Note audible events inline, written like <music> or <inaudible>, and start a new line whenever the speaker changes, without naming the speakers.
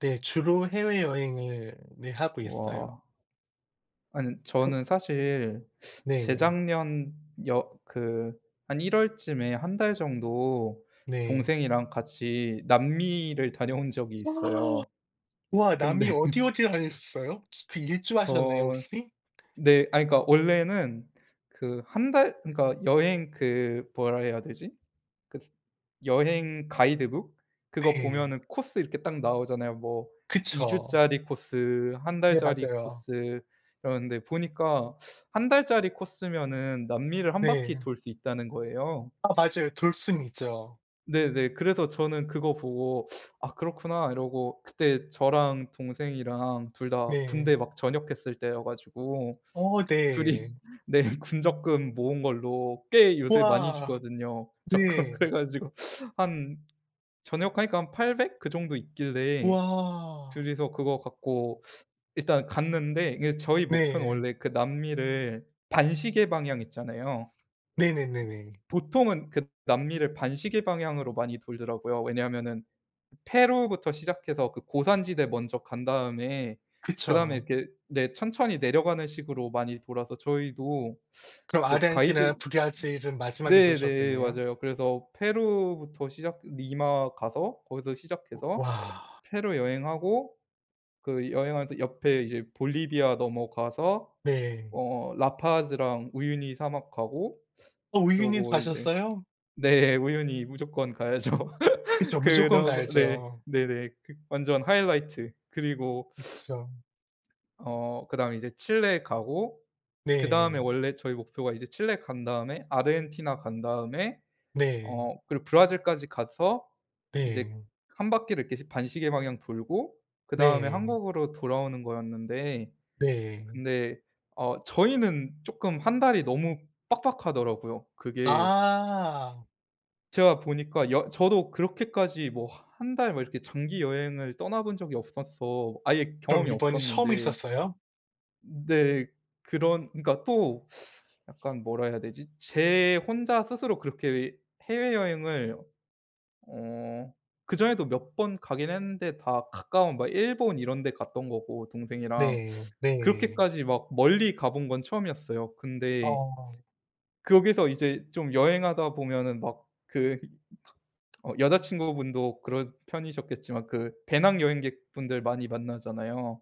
네. 주로 해외여행을 네 하고 있어요.
와. 안은
그
저는 사실
네.
재작년 여 그 한 1 월쯤에 1 달 정도
네.
동생이랑 같이 남미를 다녀온 적이
<gasps>
있어요.
와.
근데
남미 어디 어디 다니셨어요? 그 일주 하셨나요
저
혹시?
네 아 그니까 원래는 그 1 달 그니까 여행 그 뭐라 해야 되지? 그스 여행 가이드북? 그거
네.
보면은 코스 이렇게 딱 나오잖아요. 뭐 2
그쵸.
주짜리 코스, 1
네.
달짜리
맞아요.
코스 이러는데 보니까 1 달짜리 코스면은 남미를 1 바퀴
네.
돌 수 있다는 거예요.
아 맞아요. 돌 수는 있죠.
네네. 그래서 저는 그거 보고 '아 그렇구나.' 이러고 그때 저랑 동생이랑 2 다
네.
군대 막 전역했을 때여 가지고
어.
2 이
네.
네. 군 적금 모은 걸로 꽤 요새 많이
와.
주거든요 적금.
네.
그래가지고 한 전역하니까 한 800 그 정도 있길래
우와.
2 이서 그거 갖고 일단 갔는데 이게 저희 목표는
네.
원래 그 남미를 반시계 방향 있잖아요.
네네네네.
보통은 그 남미를 반시계 방향으로 많이 돌더라고요. 왜냐하면은 페루부터 시작해서 그 고산지대 먼저 간 다음에 그다음에
그쵸.
이렇게 네 천천히 내려가는 식으로 많이 돌아서 저희도
그럼
그 가이드
아르헨티나, 브라질 은 마지막에
네네.
도셨겠네요?
맞아요. 그래서 페루부터 시작 리마 가서 거기서
우
시작해서
와.
페루 여행하고 그 여행하면서 옆에 이제 볼리비아 넘어가서
네.
어 라파즈랑 우유니 사막 가고
어 우유니도
그러고 이제
가셨어요?
네. 우유니 무조건 가야죠. <laughs>
그쵸. 무조건
그러고 네.
가야죠.
네네. 그 완전 하이라이트. 그리고
이쁘죠.
어. 그다음에 이제 칠레에 가고 그다음에
네.
원래 저희 목표가 이제 칠레 간 다음에 아르헨티나 간 다음에
네.
어 그리고 브라질까지 가서 이제
네.
1 바퀴를 이렇게 반시계 방향 돌고 그다음에
네.
한국으로 돌아오는 거였는데
네.
근데 어 저희는 쪼끔 1 달이 너무 빡빡하더라고요. 그게
아.
제가 보니까 여 저도 그렇게까지 뭐 1 달 뭐 이렇게 장기 여행을 떠나본 적이 없어서 아예
그럼
경험이
이번이 처음
없었는데
있었어요?
네 그런 그러니까 또 약간 뭐라 해야 되지? 제 혼자 스스로 그렇게 해외여행을 어 그 전에도 몇 번 가긴 했는데 다 가까운 막 일본 이런 데 갔던 거고 동생이랑.
네. 네.
그렇게까지 막 멀리 가 본 건 처음이었어요. 근데
어.
거기서 이제 좀 여행하다 보면은 막 그 이 어 여자친구분도 그러신 편이셨겠지만 그 배낭여행객분들 많이 만나잖아요.